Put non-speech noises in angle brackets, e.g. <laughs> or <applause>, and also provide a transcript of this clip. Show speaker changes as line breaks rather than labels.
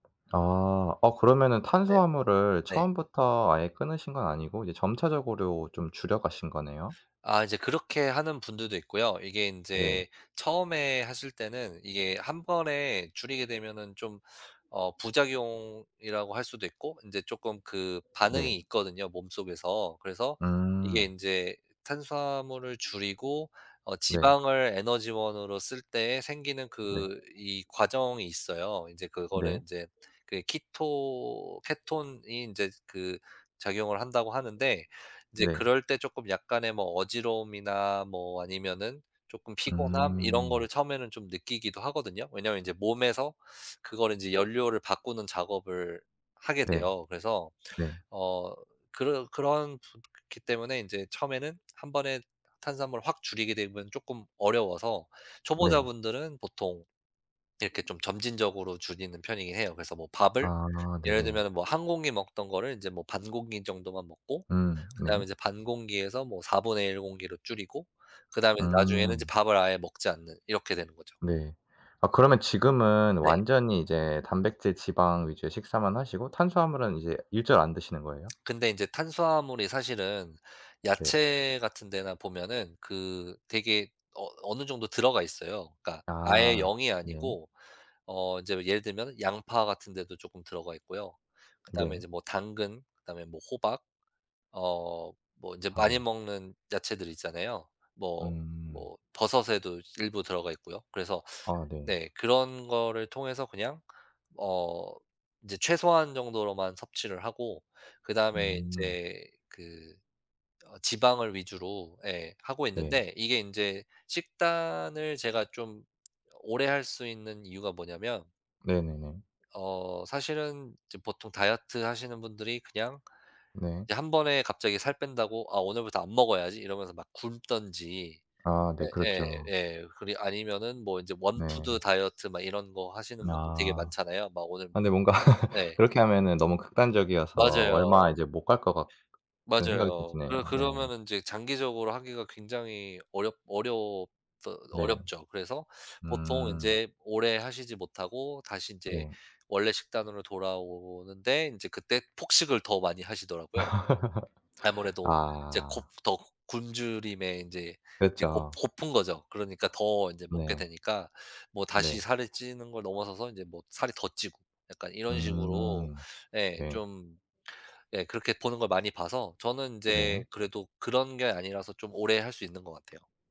아, 어 그러면은
네네.
탄수화물을
네.
처음부터 아예 끊으신 건 아니고 이제 점차적으로 좀 줄여 가신 거네요.
아 이제 그렇게 하는 분들도 있고요. 이게
네.
인제 처음에 하실 때는 이게 1 번에 줄이게 되면은 좀 어 부작용이라고 할 수도 있고 인제 쪼끔 그 반응이
네.
있거든요 몸속에서. 그래서 이게
음.
인제 탄수화물을 줄이고 어
네.
지방을 에너지원으로 쓸 때에 생기는
네.
그 이 과정이 있어요. 인제 그거를
네.
인제 그 키토 케톤이 인제 그 작용을 한다고 하는데 인제
네.
그럴 때 쪼끔 약간의 뭐 어지러움이나 뭐 아니면은 쪼끔 피곤함 이런 거를
음.
처음에는 좀 느끼기도 하거든요. 왜냐하면 인제 몸에서 그거를 이제 연료를 바꾸는 작업을 하게
네.
돼요. 그래서
네.
어 그르 그런 부 기 때문에 인제 처음에는 1 번에 탄수화물을 확 줄이게 되면 쪼끔 어려워서
네.
초보자분들은 보통 이렇게 좀 점진적으로 줄이는 편이긴 해요. 그래서 뭐 밥을
아
예를
네네.
들면은 뭐 1 공기 먹던 거를 인제 뭐 반 공기 정도만 먹고
음 네.
그다음에 이제 반 공기에서 뭐 1/4 공기로 줄이고 그다음에 이제 나중에는 이제
음.
밥을 아예 먹지 않는 이렇게 되는 거죠.
네. 아, 그러면 지금은
네.
완전히 이제 단백질 지방 위주의 식사만 하시고 탄수화물은 이제 일절 안 드시는 거예요?
근데 인제 탄수화물이 사실은
네.
야채 같은 데나 보면은 그 되게 어 어느 정도 들어가 있어요. 그니까 아예
아
0 이
네.
아니고 어 인제 예를 들면 양파 같은 데도 조금 들어가 있고요. 그다음에
네.
이제 뭐 당근 그다음에 뭐 호박 어 뭐 인제
아
많이
네.
먹는 야채들 있잖아요. 뭐
음.
뭐 버섯에도 일부 들어가 있고요. 그래서
아 네.
네 그런 거를 통해서 그냥 어 인제 최소한 정도로만 섭취를 하고 그다음에
음.
인제 그 어 지방을 위주로 예 하고
네.
있는데 이게 인제 식단을 제가 좀 오래 할 수 있는 이유가 뭐냐하면
네네네.
어 사실은 이제 보통 다이어트하시는 분들이 그냥
네.
1 번에 갑자기 살 뺀다고 '아 오늘부터 안 먹어야지.' 이러면서 막 굶든지
아 네. 그렇죠.
예예예 그리 아니면은 뭐 인제 원푸드
네.
다이어트 막 이런 거 하시는 분들 되게
아.
많잖아요 막 오늘
근데 뭔가
네.
그렇게 하면은 너무 극단적이어서
맞아요.
얼마 이제 못 갈 것 같은 생각이 좀
맞아요.
드네요.
그
네.
그러면은 인제 장기적으로 하기가 굉장히 어렵 어렵
네.
어렵죠. 그래서 보통
음.
인제 오래 하시지 못하고 다시 인제
네.
원래 식단으로 돌아오는데 인제 그때 폭식을 더 많이 하시더라고요.
<laughs>
아무래도 이제 곱
아.
더 굶주림에 인제 그 곱
그렇죠.
고픈 거죠. 그러니까 더 인제
네.
먹게 되니까 뭐 다시
네.
살이 찌는 걸 넘어서서 인제 뭐 살이 더 찌고 약간 이런 식으로
음.
예
네.
좀 예 그렇게 보는 걸 많이 봐서 저는 인제
네.
그래도 그런 게 아니라서 좀 오래 할 수 있는 것 같아요.